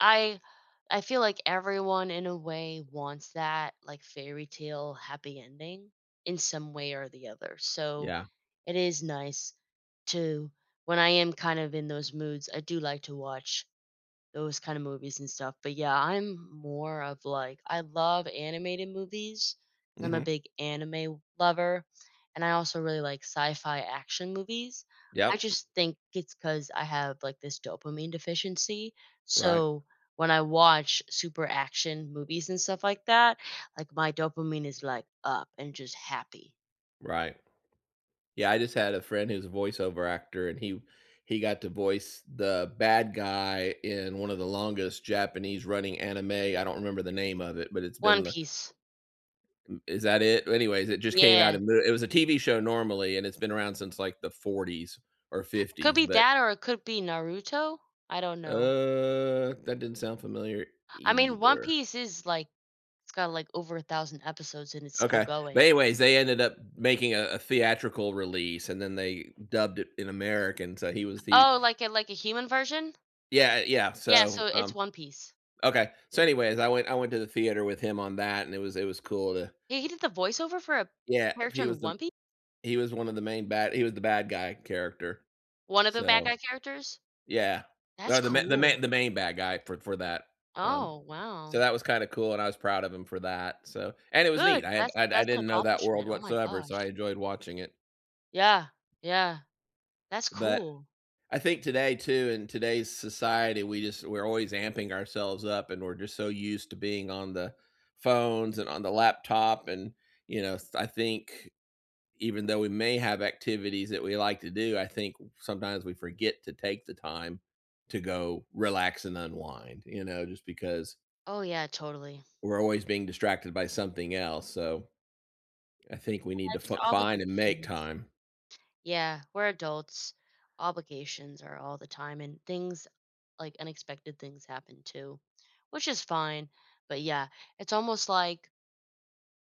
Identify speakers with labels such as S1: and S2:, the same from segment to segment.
S1: I I feel like everyone, in a way, wants that, like, fairytale happy ending, in some way or the other, so,
S2: Yeah.
S1: it is nice to when I am, kind of, in those moods, I do like to watch those kinda movies and stuff, but, yeah, I'm more of, like I love animated movies, 'cause I'm a
S2: Mhm.
S1: big anime lover, and I also really like sci-fi action movies. I
S2: Yep.
S1: just think it's 'cause I have, like, this dopamine deficiency,
S2: Right.
S1: so, when I watch super action movies and stuff like that, like, my dopamine is, like, up, and just happy.
S2: Right. Yeah, I just had a friend who's a voiceover actor, and he he got to voice the bad guy in one of the longest Japanese running anime. I don't remember the name of it, but it's
S1: One
S2: been the
S1: Piece.
S2: M is that it? Anyways, it just came out
S1: Yeah.
S2: in the it was a TV show normally, and it's been around since, like, the 40s, or
S1: Could
S2: 50s
S1: be
S2: but
S1: that, or it could be Naruto. I don't know.
S2: Uh, that doesn't sound familiar,
S1: I mean, One
S2: either.
S1: Piece is, like it's got, like, over 1,000 episodes, and it's still
S2: Okay. But,
S1: going.
S2: anyways, they ended up making a a theatrical release, and then they dubbed it in American, so, he was the
S1: Oh, like, a like, a human version?
S2: Yeah, eh yeah,
S1: Yeah,
S2: so,
S1: so,
S2: um
S1: it's One Piece.
S2: okay. So, anyways, I went I went to the theater with him on that, and it was it was cool to
S1: He he did the voiceover for a
S2: Yeah,
S1: character
S2: he
S1: in
S2: was the m
S1: One Pi
S2: he was one of the main bad he was the bad guy character.
S1: One of the bad
S2: So,
S1: guy characters?
S2: yeah.
S1: That's
S2: No, the ma the
S1: cool.
S2: main the main bad guy for for that. Um,
S1: Oh,
S2: so
S1: wow.
S2: that was kinda cool, and I was proud of him for that, so and it was neat,
S1: Good.
S2: I had
S1: That's
S2: I I
S1: that's an
S2: didn't know that world
S1: accomplishment. Oh my
S2: whatsoever, so I
S1: gosh.
S2: enjoyed watching it.
S1: Yeah. Yeah. That's
S2: But,
S1: cool.
S2: I think today, too, in today's society, we just we're always amping ourselves up, and we're just so used to being on the phones, and on the laptop, and, you know, s I think, even though we may have activities that we like to do, I think, uh, sometimes we forget to take the time to go relax and unwind, you know? Just because
S1: Oh, yeah, totally.
S2: we're always being distracted by something else, so, I
S1: Y
S2: think we need
S1: yeah,
S2: to
S1: just
S2: fi find and make
S1: obligations.
S2: time.
S1: Yeah, we're adults. Obligations are all the time, and things like, unexpected things happen, too. Which is fine. But, yeah. It's almost like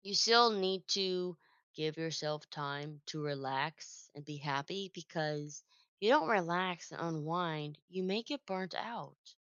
S1: you still need to give yourself time to relax and be happy, because you don't relax and unwind, you may get burnt out.